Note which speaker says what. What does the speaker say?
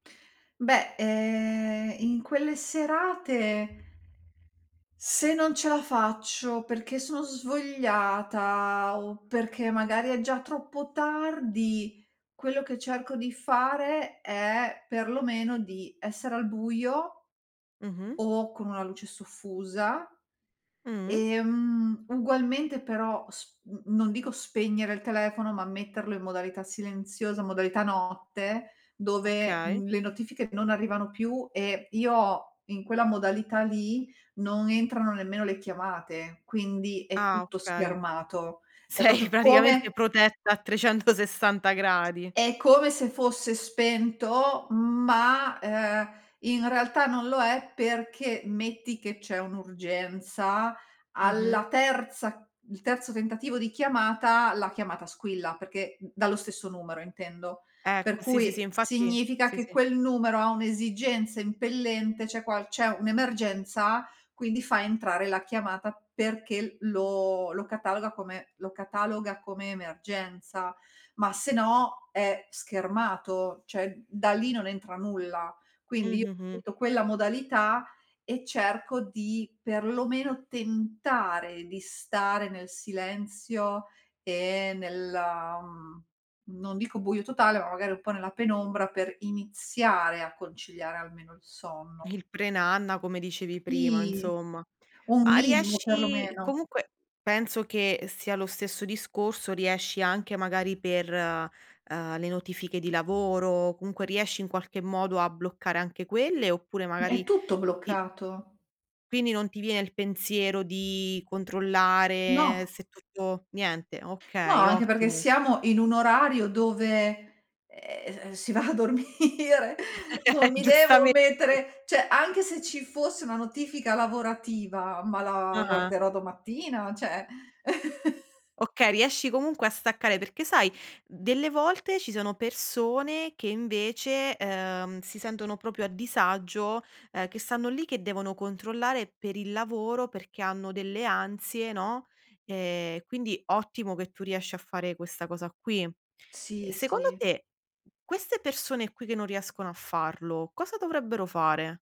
Speaker 1: Beh, ehm, in quelle serate se non ce la faccio perché sono svogliata, o perché magari è già troppo tardi, quello che cerco di fare è, perlomeno, di essere al buio
Speaker 2: Mh-mh.
Speaker 1: o con una luce soffusa.
Speaker 2: Mh.
Speaker 1: E, mhmm, ugualmente però sp n non dico spegnere il telefono, ma metterlo in modalità silenziosa, modalità notte, dove,
Speaker 2: Okay.
Speaker 1: mhmm, le notifiche non arrivano più e io ho in quella modalità lì, non entrano nemmeno le chiamate; quindi è
Speaker 2: Ah,
Speaker 1: tutto
Speaker 2: okay.
Speaker 1: schermato. È
Speaker 2: Sei
Speaker 1: proprio come
Speaker 2: praticamente protetta a 360 gradi.
Speaker 1: è come se fosse spento, ma, uhm, in realtà non lo è perché metti che c'è un'urgenza, alla
Speaker 2: Mh-mh.
Speaker 1: terza il terzo tentativo di chiamata, la chiamata squilla, perché d dallo stesso numero intendo. Per
Speaker 2: Ecco, sì, sì, sì,
Speaker 1: cui
Speaker 2: infatti
Speaker 1: significa
Speaker 2: sì,
Speaker 1: che
Speaker 2: sì.
Speaker 1: quel numero ha un'esigenza impellente, c'è qual c'è un'emergenza, quindi fa entrare la chiamata perché lo lo cataloga come lo cataloga come emergenza; ma se no è schermato, cioè da lì non entra nulla.
Speaker 2: Mh,
Speaker 1: Quindi, io
Speaker 2: mh, mh.
Speaker 1: ripeto quella modalità e cerco di, perlomeno, tentare di stare nel silenzio e nella, mhmm, non dico buio totale, ma magari un po' nella penombra per iniziare a conciliare almeno il sonno.
Speaker 2: Il pre-nanna, come dicevi prima,
Speaker 1: Sì.
Speaker 2: insomma.
Speaker 1: Un
Speaker 2: Ma
Speaker 1: minimo,
Speaker 2: riesci
Speaker 1: perlomeno.
Speaker 2: comunque, penso che sia lo stesso discorso, riesci anche magari per, uhm, le notifiche di lavoro comunque riesci in qualche modo a bloccare anche quelle, oppure
Speaker 1: È
Speaker 2: magari
Speaker 1: tutto
Speaker 2: ti
Speaker 1: bloccato.
Speaker 2: Quindi non ti vie il pensiero di controllare
Speaker 1: No.
Speaker 2: se tutto niente.
Speaker 1: No,
Speaker 2: Okay,
Speaker 1: anche perché
Speaker 2: ottimo.
Speaker 1: siamo in un orario dove, ehm, si va a dormire. Non mi devo
Speaker 2: giustame
Speaker 1: mettere cioè, anche se ci fosse una notifica lavorativa, ma la
Speaker 2: Ah-ah.
Speaker 1: guarderò domattina, cioè
Speaker 2: Okay, riesci comunque a staccare. Perché sai, delle volte ci sono persone che invece, uhm, si sentono proprio a disagio, ehm, che stanno lì, che devono controllare per il lavoro perché hanno delle ansie, no, e quindi ottimo che tu riesci a fare questa cosa qui. E
Speaker 1: Sì,
Speaker 2: secondo
Speaker 1: sì.
Speaker 2: te queste persone qui che non riescono a farlo, cosa dovrebbero fare?